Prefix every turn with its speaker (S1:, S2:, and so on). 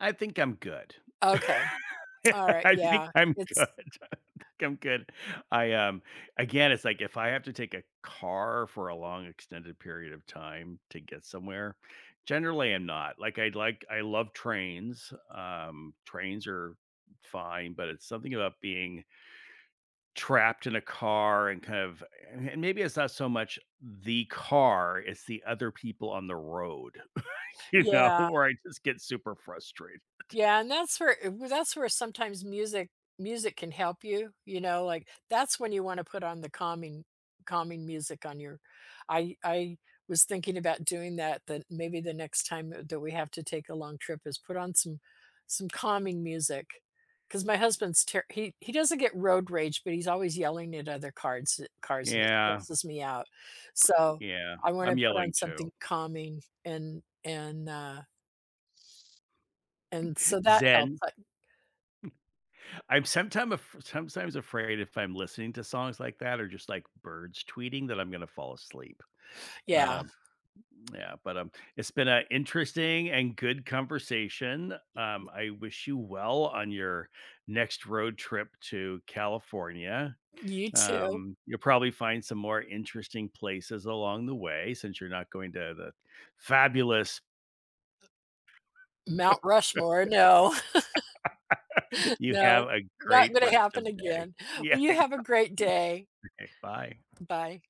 S1: I think I'm good.
S2: Okay. Alright,
S1: I think
S2: yeah,
S1: I'm good.
S2: it's
S1: I think I'm good. I, um Again, it's like if I have to take a car for a long, extended period of time to get somewhere, generally I'm not. Like, I'd like I love trains, um, trains are fine, but it's something about being trapped in a car and kind of a a and maybe it's not so much the car, it's the other people on the road, you know?
S2: Yeah.
S1: Where I just get super frustrated.
S2: Yeah, and that's where i that's where sometimes music music can help you, you know? Like, that's when you wanna put on the calming calming music on your I I was thinking about doing that, then maybe the next time, uh, that we have to take a long trip is put on some some calming music. 'Cause my husband's ter he he doesn't get road rage, but he's always yelling at other cards uh, cars, and it
S1: Yeah.
S2: stresses me out. So,
S1: Yeah,
S2: I wanna
S1: I'm
S2: put on
S1: yelling too.
S2: something calming and and, uh And so that helps,
S1: Zen.
S2: I
S1: I'm sometime af sometimes afraid if I'm listening to songs like that, or just like birds tweeting that I'm gonna fall asleep.
S2: Yeah.
S1: Um, yeah, but, um, it's been a interesting and good conversation, um, I wish you well on your next road trip to California.
S2: You too.
S1: Um, you'll probably find some more interesting places along the way since you're not going to the fabulous
S2: Mount Rushmore, no.
S1: You have
S2: No.
S1: a
S2: Not
S1: great
S2: gonna
S1: rest
S2: happen
S1: of day.
S2: again.
S1: Yeah,
S2: Well,
S1: I
S2: you have a great day.
S1: know Okay, bye.
S2: Bye.